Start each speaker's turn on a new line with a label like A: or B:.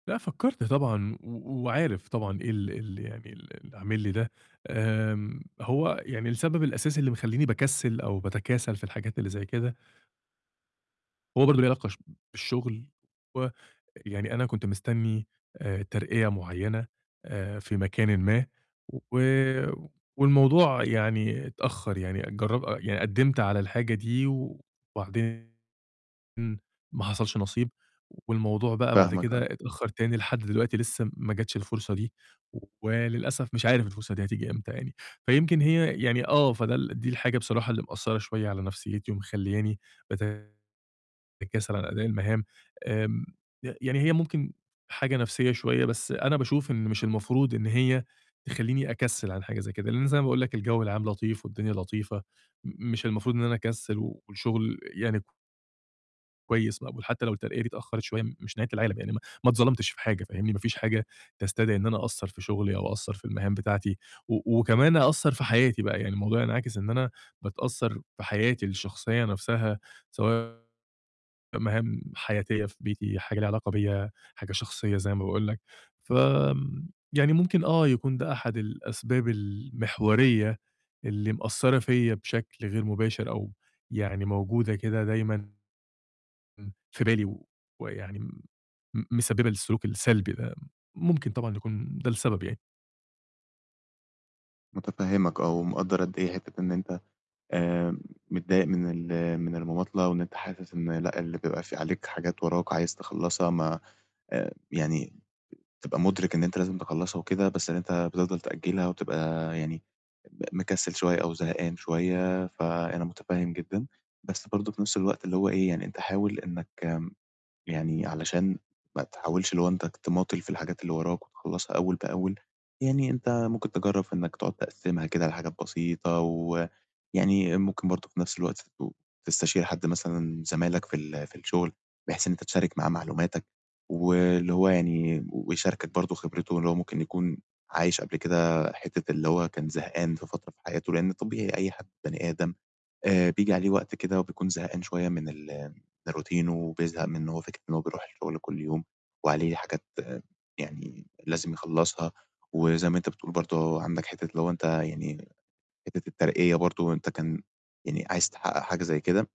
A: لأ فكرت طبعًا و وعارف طبعًا إيه ال ال يعني ال اللي عامل لي ده، آمم هو يعني السبب الأساسي اللي مخلّيني باكسِّل أو باتكاسل في الحاجات اللي زي كده هو برضو ليه علاقة ش بالشغل ويعني أنا كنت مستني آآ ترقية معينة آآ في مكانٍ ما و والموضوع يعني اتأخر يعني جر يعني قدّمت على الحاجة دي وبعدين ما حصَلش نصيب، والموضوع بقى بعد
B: فاهمك
A: كده
B: آه.
A: اتأخر تاني لحد دلوقتي لسه ما جاتش الفرصة دي، وللأسف مش عارف الفرصة دي هتيجي إمتى يعني. فيمكن هي يعني آه فده ال دي الحاجة بصراحة اللي مأثّرة شوية على نفسيتي ومخلّياني باتكاسل عن أداء المهام آمم. ي يعني هي ممكن حاجة نفْسية شوية، بس أنا باشوف إن مش المفروض إن هي تخلّيني أكسِّل عن حاجة زي كده، لأن زي ما باقول لك الجو العام لطيف والدنيا لطيفة مش المفروض إن أنا أكسِّل والشغل يعني كويس مقبول حتى لو الترقية دي اتأخرت شوية مش نهاية العالم، يعني ما ما اتظلمتش في حاجة، فاهمني، ما فيش حاجة تستدعي إن أنا أقصَّر في شغلي أو أقصَّر في المهام بتاعتي و وكمان أقصَّر في حياتي بقى، يعني الموضوع هينعكس إن أنا باتأثر في حياتي الشخصية نفْسها سواء مهام حياتية في بيتي، حاجة ليها علاقة بيَّ، حاجة شخصية زي ما باقول لك. فآمم يعني ممكن آه يكون ده أحد الأسباب المحورية اللي مأثرة فيَّ بشكل غير مباشر أو يعني موجودة كده دايمًا في بالي و ويعني م مسببة للسلوك السلبي ده، ممكن طبعًا يكون ده السبب يعني.
B: متفهمك آه، ومقدَّر قد إيه حتّة إن أنت آمم متضايق من ال من المماطلة، وإن أنت حاسس إن لأ اللي بيبقى فيه عليك حاجات وَراك عايز تخلَّصها ما آآ يعني تبقى مُدرِك إن أنت لازم تخلَّصها وكده، بس إن أنت بتفضَل تأجلها وتبقى يعني م مكسِّل شوية أو زهقان شوية، فأنا متفهم جدًا. بس برضو في نفْس الوقت اللي هو إيه يعني، أنت حاول إنك يعني علشان ما تحاولش اللي هو أنت ك تماطل في الحاجات اللي وَراك وتخلَّصها أول بأول، يعني أنت ممكن تجرَّب في إنك تقعد تقسِّمها كده لحاجات بسيطة ويعني ممكن برضو في نفْس الوقت ت تستشير حد مثلًا زمايلك في ال في الشغل، بحيث إن أنت تشارك معاه معلوماتك واللي هو يعني ويشاركك برضو خبرته اللي هو ممكن يكون عايش قبل كده حتّة اللي هو كان زهقان في فترة في حياته، لأن طبيعي أي حد بني آدم آآ بييجي عليه وقت كده وبيكون زهقان شوية من ال من الroutine وبيزهق من هو إن فكرة إن هو بيرُوح الشغل كل يوم وعليه حاجات يعني لازم يخلَّصها، و زَي ما أنت بتقول برضو عندك حتّة اللي هو أنت يعني حتّة الترقية برضو أنت كان يعني عايز تحقق حاجة زي كده